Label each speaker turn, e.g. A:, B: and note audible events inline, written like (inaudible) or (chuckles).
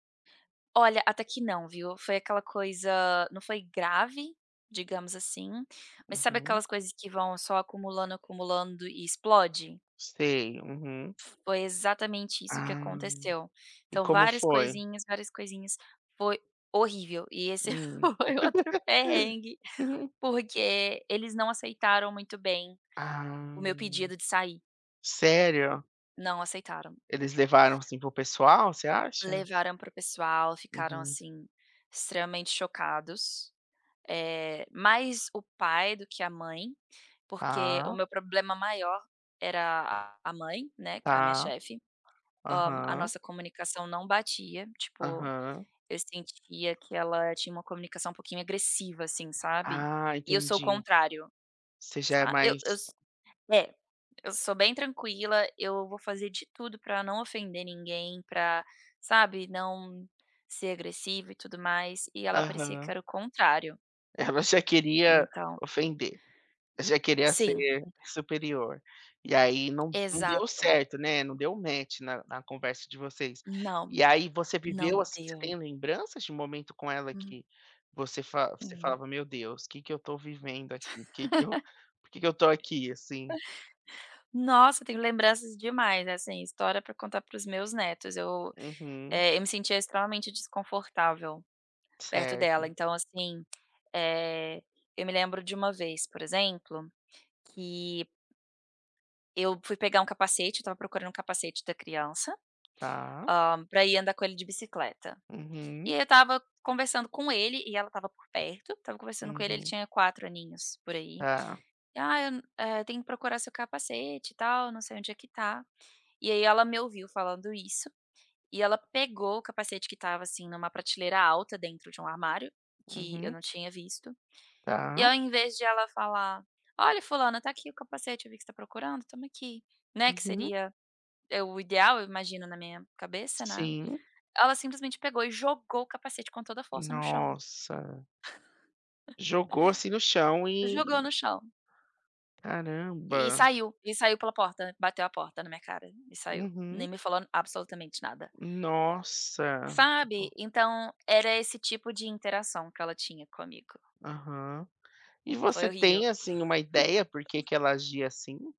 A: Olha até que não, viu. Foi aquela coisa não foi grave, digamos assim, mas sabe
B: Uhum.
A: aquelas coisas que vão só acumulando, acumulando e explode?
B: Sei, uhum.
A: Foi exatamente isso que
B: Ah,
A: aconteceu.
B: e
A: Então,
B: como
A: várias
B: foi?
A: coisinhas, várias coisinhas, foi horrível e esse
B: Hum.
A: foi outro
B: (laughs)
A: perrengue,
B: Uhum.
A: porque eles não aceitaram muito bem o meu
B: Ah.
A: pedido de sair.
B: Sério?
A: Não aceitaram.
B: Eles levaram, assim, para o pessoal, você acha?
A: Levaram para o pessoal. Ficaram,
B: Uhum.
A: assim, extremamente chocados. Eh, mais o pai do que a mãe, porque o
B: Tá.
A: meu problema maior era a mãe, né, que é a minha
B: Tá.
A: chefe. Hã, a
B: Aham.
A: nossa comunicação não batia, tipo,
B: Aham.
A: eu sentia que ela tinha uma comunicação um pouquinho agressiva assim, sabe?
B: Ah,
A: E eu sou o
B: entendi.
A: contrário,
B: Você já é
A: sab Eu
B: mais
A: eu s é, eu sou bem tranquila, eu vou fazer de tudo para não ofender ninguém pra, sabe, não ser agressiva e tudo mais e ela parecia que
B: Aham.
A: era o contrário.
B: Ela já queria
A: Então
B: ofender, já queria
A: Sim.
B: ser superior. E aí, não não deu
A: Exato.
B: certo, né, não deu match na na conversa de vocês.
A: Não,
B: E aí, você
A: não
B: viveu, assim,
A: deu.
B: lembranças de um momento com ela
A: Hum.
B: que você você fala
A: Uhum.
B: falava: "Meu Deus, que que eu estou vivendo aqui? que que eu por que que eu estou
A: (laughs)
B: aqui assim?"
A: Nossa, tenho lembranças demais, assim. História para contar para os meus netos eu
B: Uhum.
A: eh, eu me sentia extremamente desconfortável, perto dela,
B: Certo.
A: então, assim, eh, eu me lembro de uma vez, por exemplo, que eu fui pegar um capacete, eu estava procurando um capacete da criança,
B: Tá.
A: hã, para ir andar com ele de bicicleta. E
B: Uhum.
A: eu estava conversando com ele e ela estava por perto, estava conversando com ele ele
B: Uhum.
A: tinha 4 aninhos. por aí.
B: Tá.
A: "Ah, eu, eh, tenho que procurar seu capacete e tal. Não sei onde é que tá." E aí ela me ouviu falando isso, e ela pegou o capacete que estava, assim, em uma prateleira alta dentro de um armário, que eu
B: Uhum.
A: não tinha visto. E
B: Tá.
A: ao invés de ela falar: "Olha, fulana, tá aqui o capacete. Eu vi que você tá procurando, toma aqui", né. Que
B: Uhum.
A: seria, o ideal, eu imagino, na minha cabeça, né.
B: Sim.
A: Ela simplesmente pegou e jogou o capacete com toda a força no chão.
B: Nossa. Jogou, assim, no chão
A: (chuckles)
B: e
A: Jogou no chão e
B: Caramba.
A: saiu e saiu pela porta, bateu a porta na minha cara e saiu, nem
B: Uhum.
A: me falou absolutamente nada.
B: Nossa.
A: Sabe,
B: Ficou
A: então, era esse tipo de interação que ela tinha comigo.
B: Aham. E
A: Foi
B: você
A: horrível.
B: tem assim uma ideia por que que ela
A: (chuckles)
B: agia assim?